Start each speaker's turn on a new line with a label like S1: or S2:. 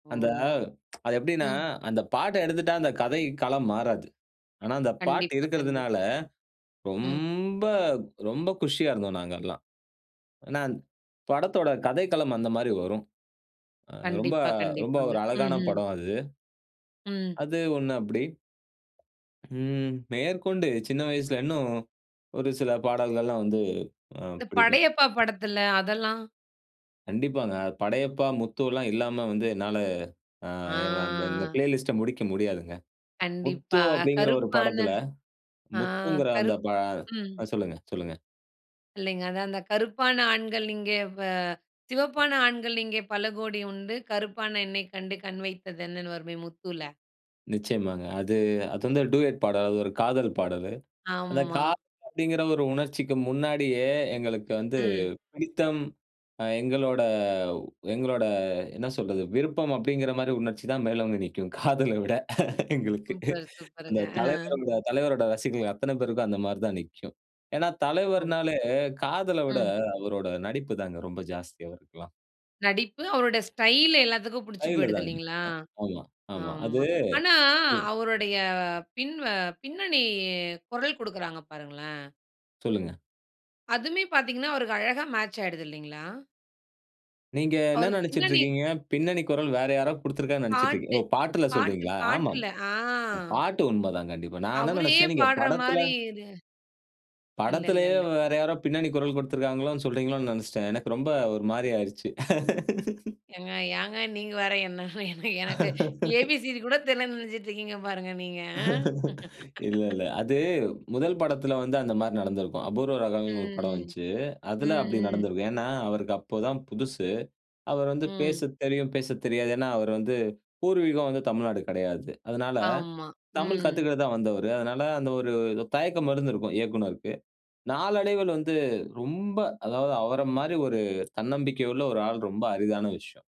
S1: ஓ!
S2: அந்த அது எப்டின்னா,
S1: ம்.
S2: அந்த பாட்ட எடுத்துட்டா அந்த கதை களம் மாறாது. ஆனா அந்த பாட்டு
S1: கண்டிப்பா, கண்டிப்பா.
S2: இருக்குறதுனால
S1: ம்.
S2: ரொம்ப ரொம்ப குஷியா இருந்தோம் நாங்கெல்லாம். ஏன்னா படத்தோட கதைக்களம் அந்த மாரி வரும். அ ரொம்ப,
S1: கண்டிப்பா,
S2: ரொம்ப
S1: கண்டிப்பாங்க,
S2: ஒரு அழகான
S1: ம்ஹ்ம்.
S2: படம் அது.
S1: ம்.
S2: அது ஒன்னு அப்டி. ம், மேற்கொண்டு சின்ன வயசுல இன்னும், ஒரு சில பாடல்கள்லாம் வந்து அ
S1: இந்த
S2: பிடிக்கும்.
S1: படையப்பா படத்துல, அதெல்லாம்
S2: கண்டிப்பாங்க. "படையப்பா, முத்துலாம்" இல்லாம வந்து என்னால, அ
S1: ஆ.
S2: எங்க அந்த, அந்த ப்ளேலிஸ்ட முடிக்க முடியாதுங்க. "முத்து"
S1: கண்டிப்பா
S2: அப்டிங்குற ஒரு
S1: கருப்பான
S2: படத்துல,
S1: ஆ
S2: முத்துங்குற அந்த
S1: கருப்பு
S2: பா
S1: ம்.
S2: அ சொல்லுங்க, சொல்லுங்க.
S1: இல்லங்க. அது அந்த கருப்பான ஆண்கள் இங்கே, அ "சிவப்பான ஆண்கள் இங்கே பலகோடி உண்டு, கருப்பான எண்ணைக் கண்டு கண் வைத்தது என்னன்னு." வருமே முத்தூல?
S2: நிச்சயமாங்க. அது, அது வந்து டூயட் பாடல். அது ஒரு காதல் பாடலு. அந்த
S1: ஆமா.
S2: காதல் அப்டிங்குற ஒரு உணர்ச்சிக்கு முன்னாடியே எங்களுக்கு வந்து
S1: ம்.
S2: பிடித்தம், அ எங்களோட எங்களோட என்ன சொல்றது, விருப்பம் அப்டிங்குறமாரி உணர்ச்சி தான் மேல் ஓங்கி நிக்கும். காதல விட எங்களுக்கு.
S1: சூப்பர்
S2: அந்த
S1: சூப்பருங்க, அ.
S2: தலைவரோட, தலைவரோட ரசிகர்கள் அத்தன பேருக்கும், அந்த மாரி தான் நிக்கும். ஏன்னா
S1: ஓ!
S2: தலைவர்னாலே, காதல விட
S1: ம்.
S2: அவரோட நடிப்பு தாங்க ரொம்ப ஜாஸ்தியா அவருக்குல்லாம்.
S1: நடிப்பு அவரோட ஸ்டைல் எல்லாத்துக்கும் புடிச்சு
S2: கைல
S1: போயிடுது
S2: தாங்க.
S1: இல்லிங்களா?
S2: அ, ஆமா. ஆமா. அது.
S1: ஆமா. ஆனா,
S2: ம்.
S1: அவருடய பின்வ பின்னணி குரல், கொடுக்குறாங்க பாருங்களேன்.
S2: சொல்லுங்க.
S1: அதுவுமமே பாத்தீங்கனா, அவருக்கு அழகா மேட்ச் ஆயிடுதுல்லிங்களா?
S2: நீங்க என்ன
S1: அவருக்கு
S2: நெனச்சுட்டு
S1: பின்னணி
S2: இருக்கீங்க. பின்னணி குரல் வேற யாரோ கொடுத்துருக்காங்கனு நெனச்சுட்ருக்கீங்க.
S1: பாட்டு,
S2: ஓ! பாட்டுல
S1: பாட்டு
S2: சொல்றீங்களா? ஆமாங்க.
S1: பாட்டுல, ஆ.
S2: அ பாட்டு உண்ம தாங்க கண்டிப்பா. நான் என்ன
S1: அவரே
S2: நெனச்சேன், நீங்க
S1: பாடுற
S2: படத்துல
S1: மாரி இல இல்ல, இல்ல,
S2: படத்துலயே
S1: இல்ல.
S2: வேற யாரோ பின்னணி குரல் கொடுத்திருக்காங்களோனு சொல்றீங்களோனு நெனச்சுட்டேன். எனக்கு ரொம்ப ஒரு மாரி ஆயிருச்சு.
S1: ஏங்க, ஏங்க நீங்க வேற? என்ன என்ன எனக்கு ஏ, பி, சி, டி கூட தெரியலன்னு நெனச்சிட்டுருக்கீங்க பாருங்க, நீங்க.
S2: இல்ல, இல்ல. அது முதல் படத்துல வந்து அந்த மாரி நடந்துருக்கும். "அபூர்வ
S1: ம்,
S2: ராகம்னு" ஒரு படம்
S1: ம்.
S2: வந்துச்சு.
S1: ம்,
S2: அதுல அப்டி
S1: ம்.
S2: நடந்துருக்கும். ஏன்னா அவருக்கு அப்போதான் புதுசு. அவரு வந்து
S1: ம்.
S2: பேச தெரியும், பேசத் தெரியாது. ஏன்னா அவர் வந்து பூர்வீகம் வந்து தமிழ்நாடு கெடையாது. அதனால,
S1: ஆமா,
S2: தமிழ்
S1: ம்.
S2: கத்துக்க தான் வந்தவரு. அதனால அந்த ஒரு, ஒரு தயக்கம் இருந்துருக்கும் இயக்குனருக்கு. நாளடைவுல வந்து ரொம்ப, அதாவது அவர மாரி ஒரு தன்னம்பிக்கை உள்ள ஒரு ஆள் ரொம்ப அரிதான விஷயம்.